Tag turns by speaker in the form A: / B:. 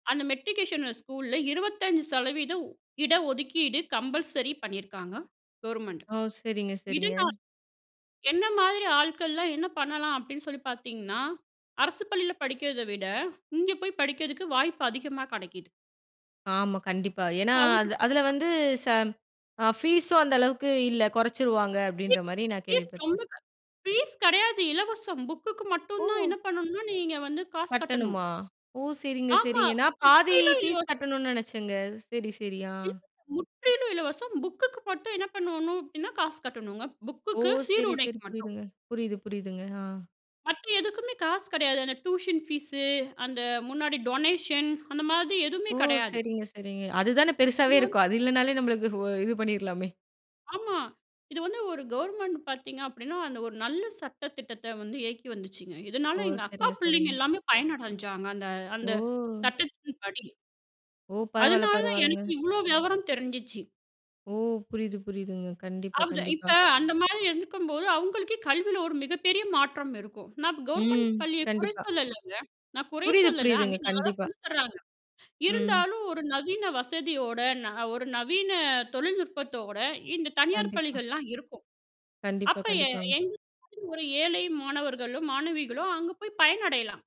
A: அந்த மெட்ரிகுலேஷன்ல ஸ்கூல்ல 25% இட ஒதுக்கீடு கம்பல்சரி பண்ணியிருக்காங்க கவர்மெண்ட்.
B: ஓ. சரிங்க,
A: இது
B: சரிங்க.
A: நான் என்ன மாதிரி ஆட்கள்லாம் என்ன பண்ணலாம் அப்படின்னு சொல்லி பார்த்தீங்கன்னா, அரசு பள்ளியில படிக்கிறத விட, இங்க போய் படிக்கிறதுக்கு வாய்ப்பு அதிகமா கிடைக்குது.
B: ஆமா. கண்டிப்பா. ஏன்னா,
A: இப்போ அவுரு
B: அது அதில வந்து சம் ஆ ஃபீஸும் அந்த அளவுக்கு இல்ல குறைச்சிருவாங்க, அப்படின்ற
A: பீஸ்
B: மாரி நான்
A: பீஸ்
B: கேள்விப்பட்டேன்.
A: ரொம்ப க ஃபீஸ் கிடையாது இலவசம், புக்குக்கு மட்டும்தான்
B: ஓ!
A: என்ன பண்ணணும்னா, நீங்க வந்து காசு கட்டணும்.
B: கட்டணுமா? ஓ. சரிங்க,
A: ஆமா.
B: சரிங்க. நான் பாதி
A: முற்றிலும்
B: ஃபீஸ்
A: இலவசம்.
B: கட்டணுன்னு நினைச்சேங்க. சரி, சரி. ஆ.
A: முற்றிலும் இலவசம். புக்குக்கு மட்டும் என்ன பண்ணணும் அப்படின்னா, காசு கட்டணுங்க.
B: ஓ!
A: புக்குக்கு,
B: சரி, சரி.
A: சீருடைக்கு மட்டும்.
B: புரியுதுங்க. புரியுது, புரியுதுங்க. ஆ.
A: மற்ற எதுக்குமே காசு கிடையாது, அந்த டியூஷன் ஃபீஸு, அந்த முன்னாடி டொனேஷன், அந்த மாதிரி எதுவுமே
B: ஓ!
A: கிடையாது.
B: சரிங்க, சரிங்க. அதுதானே பெருசாவே
A: இது வந்து
B: இருக்கும், அது இல்லைனாலே நம்மளுக்கு இ வொ இது பண்ணிடலாமே.
A: ஆமா. இது வந்து ஒரு கவர்மெண்ட் பார்த்தீங்க அப்படின்னா அந்த ஒரு நல்ல சட்ட திட்டத்த வந்து இயக்கி வந்துச்சுங்க, இதனால
B: ஓ!
A: எங்க அக்கா
B: சரிங்க,
A: பிள்ளைங்க
B: சரிங்க.
A: எல்லாமே பயனடைஞ்சாங்க, அந்த அந்த
B: ஓ!
A: சட்டத்தின்படி.
B: ஓ! பரவால்ல,
A: அதனால தான்
B: பரவால்லங்க.
A: எனக்கு இவ்வளோ விவரம் தெரிஞ்சுச்சு.
B: ஓ! புரியுது, புரியுதுங்க. கண்டிப்பா,
A: அவுத
B: கண்டிப்பா.
A: இப்ப அந்த மாரி இருக்கும்போது, அவங்களுக்கு கல்வியில ஒரு மிகப்பெரிய மாற்றம் இருக்கும். நான் கவர்மெண்ட்
B: ம்.
A: பள்ளியை குறை
B: கண்டிப்பா.
A: சொல்லலைங்க. நான் குறை
B: புரியுது,
A: சொல்லல.
B: புரியுதுங்க.
A: அங்கேயும் நல்லா தான்
B: கண்டிப்பா.
A: சொல்லி தர்றாங்க.
B: ம்.
A: இருந்தாலும் ஒரு நவீன வசதியோட, ந ஒரு நவீன தொழில்நுட்பத்தோட, இந்த தனியார்
B: கண்டிப்பா.
A: பள்ளிகள்லாம் இருக்கும்,
B: கண்டிப்பா,
A: அப்ப எ
B: கண்டிப்பாங்க.
A: எங்களுக்கு ஒரு ஏழை மாணவர்களும் மாணவிகளும், அங்க போய் பயனடையலாம்